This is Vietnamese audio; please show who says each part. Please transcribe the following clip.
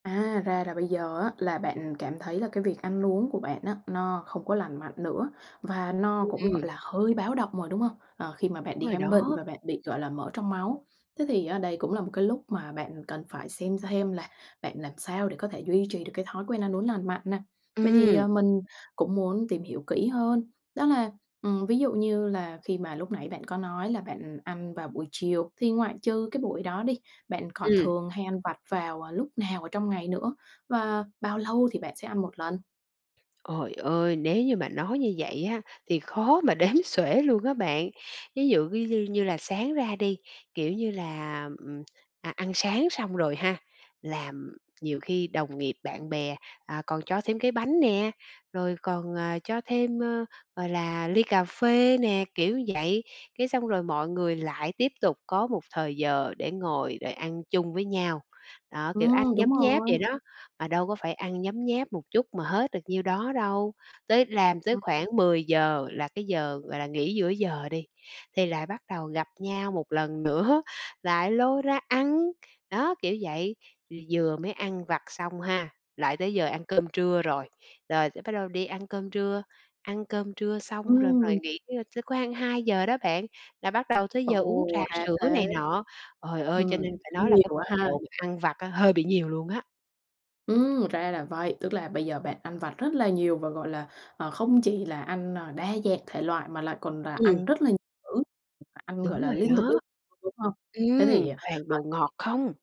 Speaker 1: À, ra là bây giờ á là bạn cảm thấy là cái việc ăn uống của bạn á, nó không có lành mạnh nữa và nó cũng,
Speaker 2: Ừm.
Speaker 1: gọi là, hơi báo động rồi, đúng hông? Ờ, khi mà
Speaker 2: Đúng
Speaker 1: bạn đi
Speaker 2: rồi
Speaker 1: khám bệnh
Speaker 2: đó.
Speaker 1: và bạn bị, gọi là, mỡ trong máu. Thế thì á đây cũng là một cái lúc mà bạn cần phải xem hem là bạn làm sao để có thể duy trì được cái thói quen ăn uống lành mạnh nè. Vậy thì,
Speaker 2: Ừm.
Speaker 1: à, mình cũng muốn tìm hiểu kỹ hơn, đó là, ừm, ví dụ như là khi mà lúc nãy bạn có nói là bạn ăn vào buổi chiều thì ngoại trừ cái buổi đó đi, bạn còn
Speaker 2: Ừm.
Speaker 1: thường hay ăn vặt vào, à, lúc nào ở trong ngày nữa? Và bao lâu thì bạn sẽ ăn một lần?
Speaker 2: Trời ơi, nếu như mà nói như vậy á, thì khó mà đếm xuể luôn á bạn. Ví dụ ví như như là sáng ra đi, kiểu như là, ừm, à, ăn sáng xong rồi ha, làm nhiều khi đồng nghiệp bạn bè, à, còn cho thêm cái bánh nè, rồi còn, à, cho thêm, ờ, gọi là, ly cà phê nè, kiểu vậy, cái xong rồi mọi người lại tiếp tục có một thời giờ để ngồi để ăn chung với nhau. Đó, kiểu, ăn
Speaker 1: Ừm, đúng
Speaker 2: nhấm nháp
Speaker 1: rồi.
Speaker 2: vậy đó, mà đâu có phải ăn nhấm nháp một chút mà hết được nhiêu đó đâu. Tới làm tới
Speaker 1: Ừm.
Speaker 2: khoảng 10:00 là cái giờ, gọi là, nghỉ giữa giờ đi, thì lại bắt đầu gặp nhau một lần nữa, lại lôi ra ăn. Đó, kiểu vậy, v vừa mới ăn vặt xong ha, lại tới giờ ăn cơm trưa rồi. Rồi tới bắt đầu đi ăn cơm trưa, ăn cơm trưa xong rồi ngồi
Speaker 1: Ừm.
Speaker 2: nghỉ trưa tới khoang 2:00 đó bạn, là bắt đầu tới giờ uống
Speaker 1: Ồ,
Speaker 2: trà
Speaker 1: ra
Speaker 2: sữa này
Speaker 1: thế.
Speaker 2: nọ. Trời ơi, cho
Speaker 1: Ừm,
Speaker 2: nên phải nói
Speaker 1: cũng
Speaker 2: là cái
Speaker 1: nhiều
Speaker 2: mật
Speaker 1: á ha.
Speaker 2: độ mình ăn vặt á hơi bị nhiều luôn á.
Speaker 1: Ừm, ra là vậy, tức là bây giờ bạn ăn vặt rất là nhiều và, gọi là, ờ, không chỉ là ăn, ờ, đa dạng thể loại, mà lại còn là
Speaker 2: Ừm.
Speaker 1: ăn rất là nhiều cữ, ăn, gọi
Speaker 2: Đúng
Speaker 1: là,
Speaker 2: rồi
Speaker 1: liên tục
Speaker 2: đó.
Speaker 1: [unintelligible] đúng hông? Thế
Speaker 2: Ừm,
Speaker 1: thì,
Speaker 2: toàn
Speaker 1: ờ
Speaker 2: đồ ngọt không?